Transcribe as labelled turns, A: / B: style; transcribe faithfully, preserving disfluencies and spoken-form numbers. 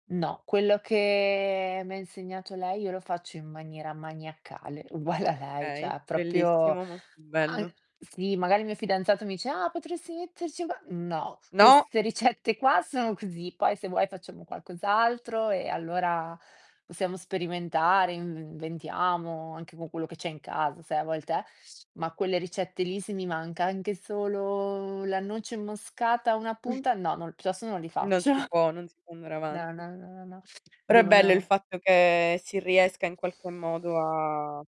A: No, quello che m'ha insegnato lei io lo faccio in maniera maniacale, uguale a lei, ceh
B: Okay,
A: ha propio
B: bellissimo, molto bello.
A: an sì, magari il mio fidanzato mi dice: "Ah potresti metterci qua" "No,
B: No!
A: queste ricette qua sono così, poi se vuoi facciamo qualcos'altro e allora possiamo sperimentare, inv inventiamo anche con quello che c'è in casa" sai a volte eh, ma quelle ricette lì se mi manca anche solo la noce moscata a una punta, no, piuttosto non li
B: Non
A: faccio.
B: si può non si può andare
A: No,
B: avanti.
A: no, no, no, no,
B: Però è bello il
A: devono
B: fatto che si riesca in qualche modo a